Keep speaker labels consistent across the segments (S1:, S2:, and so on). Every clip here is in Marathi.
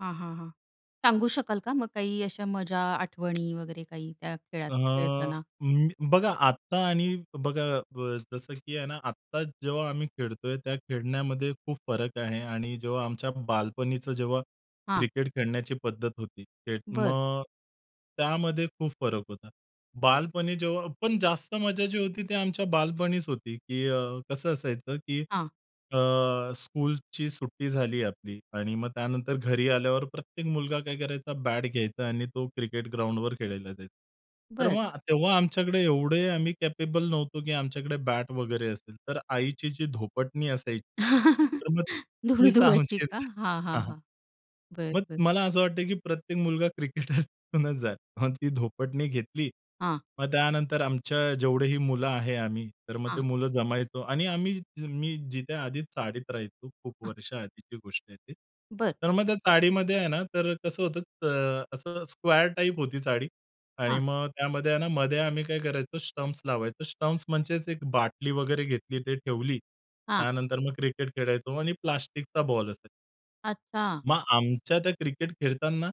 S1: हां, हां, हां. सांगू शकाल का मग काही अशा मजा, आठवणी वगैरे काही त्या खेळात
S2: अ,
S1: खेळताना?
S2: म बघा आत्ता आणि बघा अ, ब जसं की आहे ना, आत्ता जेव्हा आम्ही खेळतोय त्या खेळण्यामध्ये खूप फरक आहे आणि जेव्हा आमच्या बालपणीचं, जेव्हा
S1: हां.
S2: क्रिकेट खेळण्याची पद्धत होती, त्यात
S1: बरं.
S2: मग त्यामध्ये खूप फरक होता. बालपणी जेव्हा पण जास्त मजा जी होती ती आमच्या बालपणीच होती, की अ, कसं असायचं, की
S1: हां.
S2: अ, स्कूलची सुट्टी झाली आपली आणि मग त्यानंतर घरी आल्यावर प्रत्येक मुलगा काय करायचा, बॅट घ्यायचा आणि तो क्रिकेट ग्राउंडवर खेळायला जायचा. तर
S1: बरं.
S2: मग तेव्हा आमच्याकडे एवढे आम्ही कॅपेबल नव्हतो, की आमच्याकडे बॅट वगैरे असेल, तर आईची जी धोपटणी असायची. तर मग
S1: धुळ
S2: तीच
S1: धुवायची
S2: आमची
S1: का?
S2: बॅट
S1: हां,
S2: हां,
S1: हां,
S2: हां.
S1: हां. बरं.
S2: मग
S1: बरं.
S2: मला असं वाटतं, की प्रत्येक मुलगा क्रिकेट होऊन [unintelligible] जाईल. मग ती धोपटणी घेतली.
S1: हां.
S2: मग त्यानंतर आमच्या जेवढेही मुलं आहे आम्ही, तर मग ते
S1: हां.
S2: मुलं जमायचो आणि आम्ही मी जिथे आधीच चाळीत राहायचो खूप
S1: हां.
S2: वर्ष आधीची गोष्ट आहे.
S1: बरं.
S2: तर मग त्या चाळीमध्ये आहे ना, तर कसं होतं त अ, असं स्क्वेअर टाइप होती चाळी आणि
S1: हां.
S2: मग त्यामध्ये आहे ना मध्ये आम्ही काय करायचो स्टम्प्स लावायचो. स्टम्प्स म्हणजेच एक बाटली वगैरे घेतली ते ठेवली.
S1: हां.
S2: त्यानंतर मग क्रिकेट खेळायचो आणि प्लास्टिकचा बॉल असायचा.
S1: अच्छा.
S2: मग आमच्या त्या क्रिकेट खेळताना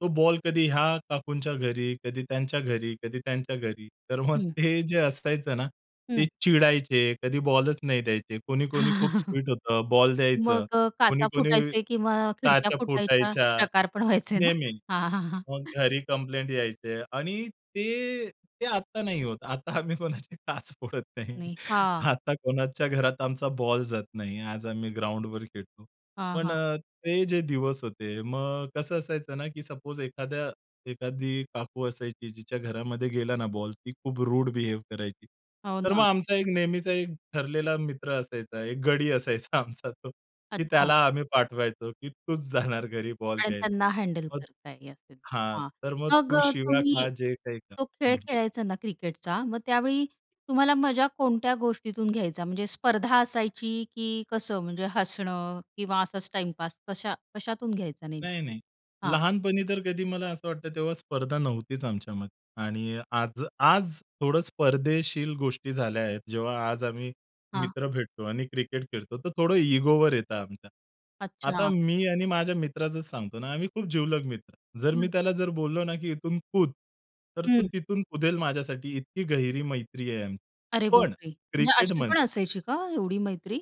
S2: तो बॉल कधी ह्या काकूंच्या घरी, कधी त्यांच्या घरी, कधी त्यांच्या घरी, तर मग
S1: हं.
S2: ते जे असायचं ना
S1: हं.
S2: ते चिडायचे, कधी बॉलच नाही द्यायचे, कोणी कोणी खूप स्वीट होतं, बॉल द्यायचं.
S1: मग अ,
S2: कोणी
S1: काचा
S2: कोणी
S1: फुटायचे किंवा खिडक्या
S2: काच्या
S1: फुटायचा
S2: फुटायच्या,
S1: प्रकार पण व्हायचे ना?
S2: नेहमी.
S1: हां, हां, हां.
S2: मग घरी कंप्लेंट यायचे आणि ते ते आता नाही होत आता आम्ही कोणाची काच फोडत नाही.
S1: नाही. हां.
S2: आता कोणाच्या घरात आमचा बॉल जात नाही. आज आम्ही ग्राउंडवर खेळतो.
S1: हां,
S2: पण
S1: हां.
S2: अ, ते जे दिवस होते मग कसं असायचं ना, की सपोज एखाद्या एखादी काकू असायची, जिच्या घरामध्ये गेला ना बॉल ती खूप रूड बिहेव करायची.
S1: हो
S2: तर
S1: ना.
S2: मग आमचा एक नेहमीचा एक ठरलेला मित्र असायचा, एक गडी असायचा आमचा तो, की
S1: अच्छा.
S2: त्याला आम्ही पाठवायचो, की तूच जाणार घरी बॉल
S1: आणि
S2: घ्यायला.
S1: त्यांना हँडल
S2: मग
S1: करता येईल [unintelligible]
S2: हां,
S1: हां,
S2: तर मग
S1: मग
S2: तू
S1: अ,
S2: शिव्या
S1: तुम्ही
S2: खा जे काही खा
S1: तो खेळ
S2: हं, हं.
S1: खेळायचा ना क्रिकेटचा मग त्यावेळी तुम्हाला मजा कोणत्या गोष्टीतून घ्यायचा, म्हणजे स्पर्धा असायची, की कसं म्हणजे हसणं किंवा असाच टाईमपास, कशा कशातून घ्यायचा
S2: नाही,
S1: नेमकी?
S2: नाही.
S1: हां.
S2: लहानपणी तर कधी मला असं वाटतं तेव्हा स्पर्धा नव्हतीच आमच्यामध्ये आणि आज, आज थोडं स्पर्धेशील गोष्टी झाल्या आहेत. जेव्हा आज आम्ही
S1: हां.
S2: मित्र भेटतो आणि क्रिकेट खेळतो, तर थोडं इगोवर येत आमच्या. आता
S1: अच्छा.
S2: मी आणि माझ्या मित्राचच सांगतो ना, आम्ही खूप जीवलग मित्र. जर मी
S1: हं.
S2: त्याला जर बोललो ना, की इथून कूद तर तो
S1: हं.
S2: तिथून कुदेल माझ्यासाठी इतकी गहिरी मैत्री आहे आमची.
S1: अरे
S2: पण
S1: बापरे! म्हणजे अशी पण
S2: क्रिकेटमध्ये
S1: असायची का एवढी मैत्री?